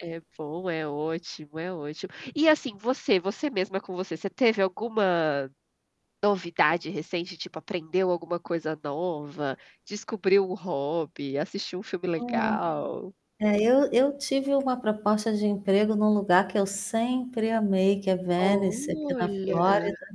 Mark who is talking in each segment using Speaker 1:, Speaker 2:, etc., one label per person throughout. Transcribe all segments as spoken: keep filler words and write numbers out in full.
Speaker 1: É bom, é ótimo, é ótimo. E, assim, você você mesma com você, você teve alguma, novidade recente tipo aprendeu alguma coisa nova, descobriu um hobby, assistiu um filme
Speaker 2: Hum.
Speaker 1: legal?
Speaker 2: É, eu eu tive uma proposta de emprego em um lugar que eu sempre amei, que é Venice aqui na
Speaker 1: Olha.
Speaker 2: Flórida.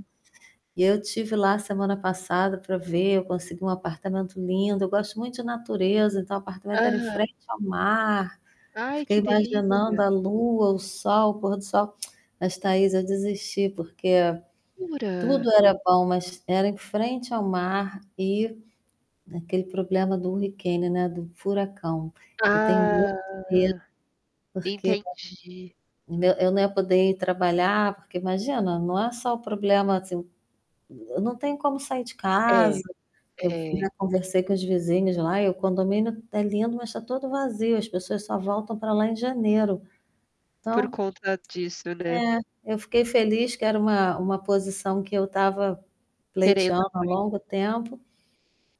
Speaker 2: E eu estive lá semana passada para ver, eu consegui um apartamento lindo, eu gosto muito de natureza, então apartamento era em
Speaker 1: Aham.
Speaker 2: frente ao mar.
Speaker 1: Ai
Speaker 2: Fiquei
Speaker 1: que
Speaker 2: imaginando
Speaker 1: delícia.
Speaker 2: a lua, o sol, o pôr do sol. Mas Thaís, eu desisti porque,
Speaker 1: Jura.
Speaker 2: tudo era bom, mas era em frente ao mar e naquele problema do hurricane né, era do furacão. Eu tenho
Speaker 1: Ah,
Speaker 2: muito medo porque,
Speaker 1: entendi.
Speaker 2: né, eu nã eu não ia poder ir trabalhar porque imagina, não é só o problema assim, n não tenho como sair de casa,
Speaker 1: É,
Speaker 2: eu
Speaker 1: é.
Speaker 2: conversei com os vizinhos lá e o condomínio está lindo mas está todo vazio, as pessoas só voltam para lá em janeiro.
Speaker 1: Por
Speaker 2: Então
Speaker 1: conta disso, né?
Speaker 2: É, eu fiquei feliz que era uma uma posição que eu estava
Speaker 1: Querendo
Speaker 2: pleiteando há
Speaker 1: muito.
Speaker 2: longo tempo,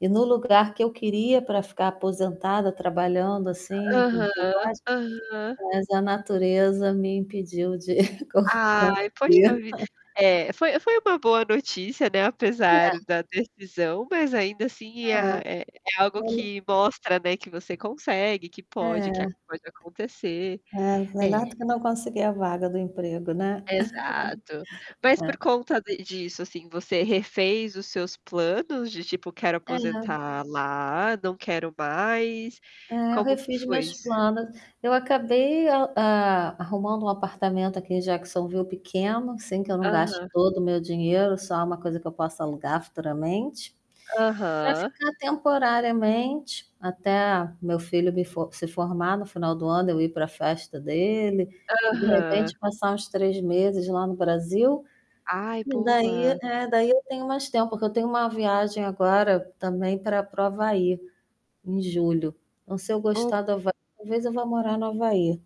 Speaker 2: e no lugar que eu queria para ficar aposentada, trabalhando assim, com com
Speaker 1: Aham,
Speaker 2: quase
Speaker 1: aham.
Speaker 2: Mas a natureza me impediu de
Speaker 1: Ai, pode ter ouvido,
Speaker 2: [unintelligible]
Speaker 1: é, foi foi uma boa notícia, né, apesar
Speaker 2: É.
Speaker 1: da decisão, mas ainda assim
Speaker 2: É,
Speaker 1: é é algo
Speaker 2: e ai
Speaker 1: que mostra não é que você consegue, que
Speaker 2: É. É.
Speaker 1: pode que
Speaker 2: É,
Speaker 1: pode acontecer. É.
Speaker 2: melhor do que não conseguir a vaga do emprego, né.
Speaker 1: Exato. Mas por
Speaker 2: É.
Speaker 1: conta de disso, assim, você refez os seus planos de tipo quero
Speaker 2: É.
Speaker 1: aposentar lá, não quero mais,
Speaker 2: É, eu
Speaker 1: como que
Speaker 2: refiz
Speaker 1: foi
Speaker 2: minhas
Speaker 1: isso?
Speaker 2: planos. Eu acabei, eh, a arrumando um apartamento aqui em Jacksonville pequeno, assim que eu não gaste
Speaker 1: Aham.
Speaker 2: todo o meu dinheiro, só uma coisa que eu possa alugar futuramente, para
Speaker 1: Aham.
Speaker 2: ficar temporariamente, até meu filho me f se formar no final do ano eu ir para festa dele, e de
Speaker 1: Aham.
Speaker 2: repente passar uns três meses lá no Brasil,
Speaker 1: Ai
Speaker 2: e daí
Speaker 1: boa.
Speaker 2: é daí eu tenho mais tempo, porque eu tenho uma viagem agora também para para o Havaí, em julho. Se eu
Speaker 1: Oh
Speaker 2: gostar do Havaí, talvez eu vá morar no Havaí.